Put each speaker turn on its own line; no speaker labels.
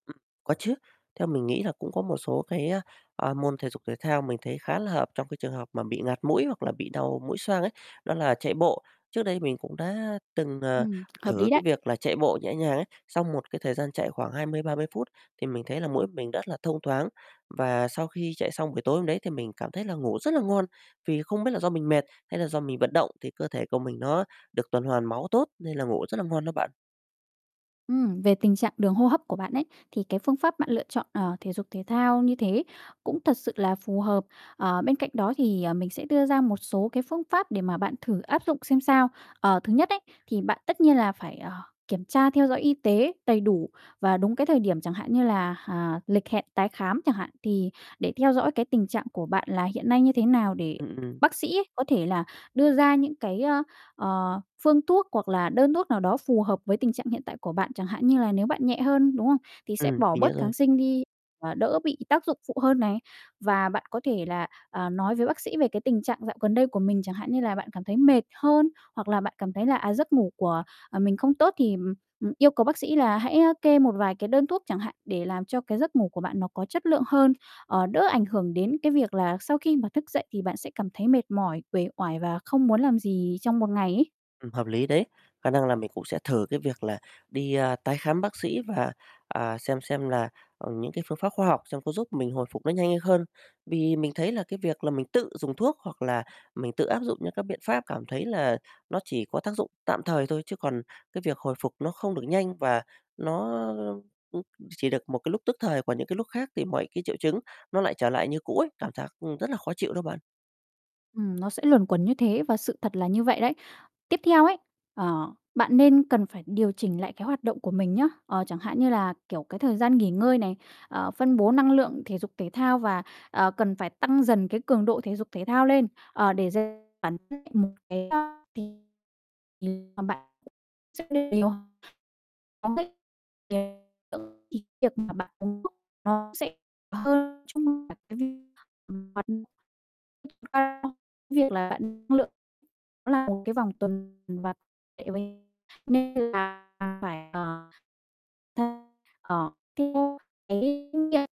Ưm, có chứ, theo mình nghĩ là cũng có một số cái, a, a, môn thể dục thể thao mình thấy khá là hợp trong cái trường hợp mà bị ngạt mũi hoặc là bị đau mũi xoang ấy, đó là chạy bộ. Trước đây mình cũng đã từng, ờ,
Ừm, hợp
thử
lý
cái
đấy.
việc là chạy bộ nhẹ nhàng ấy, xong một cái thời gian chạy khoảng 20, 30 phút thì mình thấy là mũi mình rất là thông thoáng và sau khi chạy xong buổi tối hôm đấy thì mình cảm thấy là ngủ rất là ngon. Vì không biết là do mình mệt hay là do mình vận động thì cơ thể của mình nó được tuần hoàn máu tốt, nên là ngủ rất là ngon đó bạn.
Ừm, về tình trạng đường hô hấp của bạn ấy, thì cái phương pháp bạn lựa chọn, ờ, thể dục thể thao như thế cũng thật sự là phù hợp. Ờ, bên cạnh đó thì, ờ, mình sẽ đưa ra một số cái phương pháp để mà bạn thử áp dụng xem sao. Ờ, thứ nhất ấy, thì bạn tất nhiên là phải, ờ, kiểm tra theo dõi y tế đầy đủ và đúng cái thời điểm, chẳng hạn như là, ờ, lịch hẹn tái khám chẳng hạn. Thì để theo dõi cái tình trạng của bạn là hiện nay như thế nào, để
Ừm, ừm.
bác sĩ có thể là đưa ra những cái, ơ, ờ, phương thuốc hoặc là đơn thuốc nào đó phù hợp với tình trạng hiện tại của bạn, chẳng hạn như là nếu bạn nhẹ hơn, đúng không? Thì sẽ
Ừm,
bỏ
mình nhớ
bớt
rồi.
kháng sinh đi, và đỡ bị tác dụng phụ hơn này. Và bạn có thể là, à, nói với bác sĩ về cái tình trạng dạo gần đây của mình, chẳng hạn như là, bạn cảm thấy mệt hơn, hoặc là bạn cảm thấy là, à, giấc ngủ của, à, mình không tốt, thì, ừm, ừm, yêu cầu bác sĩ là hãy, a, kê một vài cái đơn thuốc chẳng hạn để làm cho cái giấc ngủ của bạn nó có chất lượng hơn, ờ, đỡ ảnh hưởng đến cái việc là sau khi mà thức dậy thì bạn sẽ cảm thấy mệt mỏi, uể oải và không muốn làm gì trong một ngày ấy.
Ừm, hợp lý đấy, khả năng là mình cũng sẽ thử cái việc là đi, a, tái khám bác sĩ và, à, xem xem là, ừm, những cái phương pháp khoa học xem có giúp mình hồi phục nó nhanh hơn. Vì mình thấy là cái việc là mình tự dùng thuốc, hoặc là mình tự áp dụng những cái biện pháp, cảm thấy là nó chỉ có tác dụng tạm thời thôi, chứ còn cái việc hồi phục nó không được nhanh và nó, ưm, chỉ được một cái lúc tức thời, còn những cái lúc khác thì mọi cái triệu chứng nó lại trở lại như cũ ấy, cảm giác, ưm, rất là khó chịu đó bạn.
Ừm, nó sẽ luẩn quẩn như thế và sự thật là như vậy đấy. Tiếp theo ấy, ờ, bạn nên cần phải điều chỉnh lại cái hoạt động của mình nhá. Ờ, chẳng hạn như là, kiểu, cái thời gian nghỉ ngơi này, ờ, phân bố năng lượng, thể dục thể thao và, ờ, cần phải tăng dần cái cường độ thể dục thể thao lên, ờ, để dành bản thân một cái [unintelligible] mà bạn [unintelligible] không thích [unintelligible] việc mà bạn [unintelligible] nó sẽ [unintelligible] việc là bạn năng lượng, nó là một cái vòng tuần [unintelligible] nên là phải, ờ, [unintelligible] ờ theo cái kinh nghiệm.